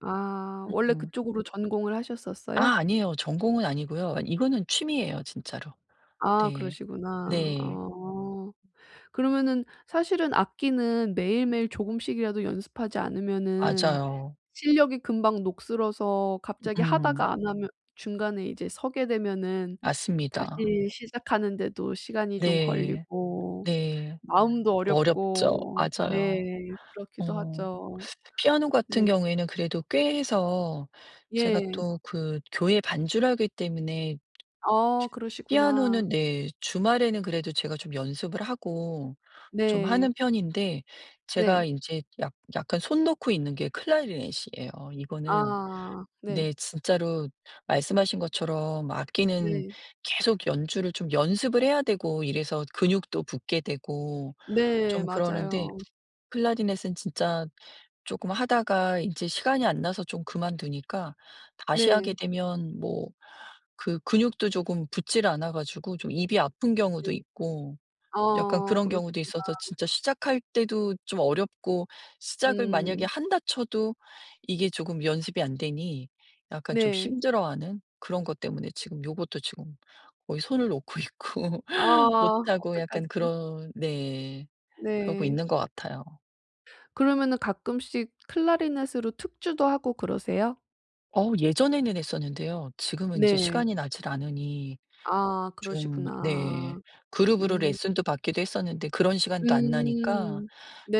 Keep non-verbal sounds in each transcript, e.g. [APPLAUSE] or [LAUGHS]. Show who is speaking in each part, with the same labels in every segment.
Speaker 1: 아
Speaker 2: 으
Speaker 1: 원래
Speaker 2: 음.
Speaker 1: 그쪽으로 전공을 하셨었어요?
Speaker 2: 아 아니에요. 전공은 아니고요. 아 이거는 취미예요 진짜로.
Speaker 1: 아.
Speaker 2: 네.
Speaker 1: 그러시구나.
Speaker 2: 네.
Speaker 1: 어. 그러면은 사실은 악기는 매일매일 조금씩이라도 연습하지 않으면은
Speaker 2: 맞아요.
Speaker 1: 실력이 금방 녹슬어서
Speaker 2: 으
Speaker 1: 갑자기
Speaker 2: 음.
Speaker 1: 하다가 안 하면 중간에 이제 서게 되면은
Speaker 2: 맞습니다.
Speaker 1: 다시 시작하는데도 시간이 좀
Speaker 2: 네.
Speaker 1: 걸리고
Speaker 2: 네.
Speaker 1: 마음도
Speaker 2: 어렵죠.
Speaker 1: 어렵고 네.
Speaker 2: 맞아요.
Speaker 1: 그렇기도
Speaker 2: 어.
Speaker 1: 하죠.
Speaker 2: 피아노
Speaker 1: 네.
Speaker 2: 같은 경우에는 그래도 꽤 해서 제가
Speaker 1: 예.
Speaker 2: 또 그 교회 반주를 하기 때문에
Speaker 1: 어 그러시구나.
Speaker 2: 피아노는 네 주말에는 그래도 제가 좀 연습을 하고 좀 하는
Speaker 1: 네.
Speaker 2: 편인데 제가
Speaker 1: 네.
Speaker 2: 인제 약 약간 손 놓고 있는 게 클라리넷이에요. 이거는
Speaker 1: 아. 네.
Speaker 2: 네. 진짜로 말씀하신 것처럼 악기는
Speaker 1: 네.
Speaker 2: 계속 연주를 좀 연습을 해야 되고 이래서 근육도 붙게 되고
Speaker 1: 네
Speaker 2: 좀 그러는데
Speaker 1: 맞아요.
Speaker 2: 클라리넷은 진짜 쪼끔 하다가 인제 시간이 안 나서 좀 그만두니까 다시 하게
Speaker 1: 네.
Speaker 2: 되면 뭐 그 근육도 조금 붙지를 않아 가지고 좀 입이 아픈 경우도
Speaker 1: 네.
Speaker 2: 있고 약간
Speaker 1: 아
Speaker 2: 그런 경우도
Speaker 1: 그러시구나.
Speaker 2: 있어서 진짜 시작할 때도 좀 어렵고 시작을 만약에
Speaker 1: 음.
Speaker 2: 한다 쳐도 이게 조금 연습이 안 되니 약간 좀
Speaker 1: 네.
Speaker 2: 힘들어하는 그런 것 때문에 지금 요것도 지금 거의 손을 놓고 있고
Speaker 1: 아
Speaker 2: 못하고 약간
Speaker 1: 어떡하지.
Speaker 2: 그런 네. 그러고
Speaker 1: 네.
Speaker 2: 있는 것 같아요.
Speaker 1: 그러면은 가끔씩 클라리넷으로 특주도 하고 그러세요?
Speaker 2: 어 예전에는 했었는데요. 지금은 인제
Speaker 1: 네.
Speaker 2: 시간이 나질 않으니
Speaker 1: 아
Speaker 2: 좀 네.
Speaker 1: 그러시구나.
Speaker 2: 그룹으로
Speaker 1: 음.
Speaker 2: 레슨도 받기도 했었는데 그런 시간도 안 나니까
Speaker 1: 음.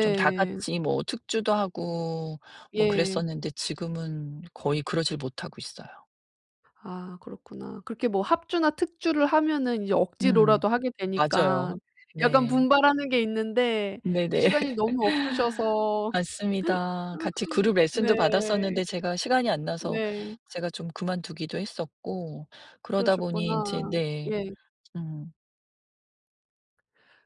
Speaker 2: 좀 다 같이 뭐 특주도 하고 뭐
Speaker 1: 예.
Speaker 2: 그랬었는데 지금은 거의 그러지를 못하고 있어요.
Speaker 1: 아 그렇구나. 그렇게 뭐 합주나 특주를 하면은 이제
Speaker 2: 음.
Speaker 1: 억지로라도 하게
Speaker 2: 맞아요.
Speaker 1: 되니깐 약간
Speaker 2: 네.
Speaker 1: 분발하는 게 있는데
Speaker 2: 네네.
Speaker 1: 시간이 너무
Speaker 2: [LAUGHS]
Speaker 1: 없으셔서.
Speaker 2: 맞습니다. 같이 그룹
Speaker 1: [LAUGHS]
Speaker 2: 레슨도
Speaker 1: 네.
Speaker 2: 받았었는데 제가 시간이 안 나서
Speaker 1: 네.
Speaker 2: 제가 좀 그만두기도 했었고 그러다 보니
Speaker 1: 그러셨구나.
Speaker 2: 인제 네.
Speaker 1: 예.
Speaker 2: 음.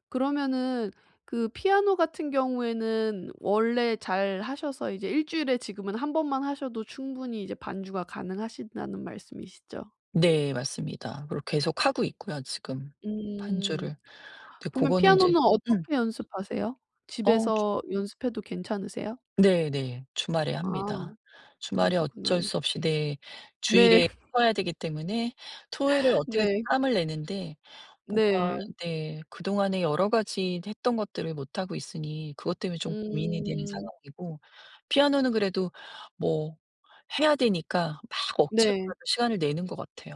Speaker 1: 그러면은 그 피아노 같은 경우에는 원래 잘 하셔서 이제 1 주일에 지금은 1 번만 하셔도 충분히 이제 반주가 가능하시다는 말씀이시죠?
Speaker 2: 네. 맞습니다. 그리고 계속하고 있고요 지금
Speaker 1: 음.
Speaker 2: 반주를. 근데
Speaker 1: 그러면
Speaker 2: 고거는 이제
Speaker 1: 피아노는
Speaker 2: [CLEARS THROAT]
Speaker 1: 어떻게 연습하세요?
Speaker 2: 어. 주
Speaker 1: 집에서 연습해도 괜찮으세요?
Speaker 2: 네네. 주말에
Speaker 1: 아.
Speaker 2: 합니다. 주말에
Speaker 1: 그러시구나.
Speaker 2: 어쩔 수 없이 네.
Speaker 1: 네.
Speaker 2: 주일에
Speaker 1: [LAUGHS]
Speaker 2: 쳐야 되기 때문에 토요일을 어떻게든
Speaker 1: 네.
Speaker 2: 짬을 내는데 뭔가
Speaker 1: 네.
Speaker 2: 네. 그동안에 여러 가지 했던 것들을 못하고 있으니 그것 때문에 좀 고민이 되는
Speaker 1: 음.
Speaker 2: 상황이고 피아노는 그래도 뭐 해야 되니까 막
Speaker 1: 네.
Speaker 2: 억지로라도 시간을 내는 것 같아요.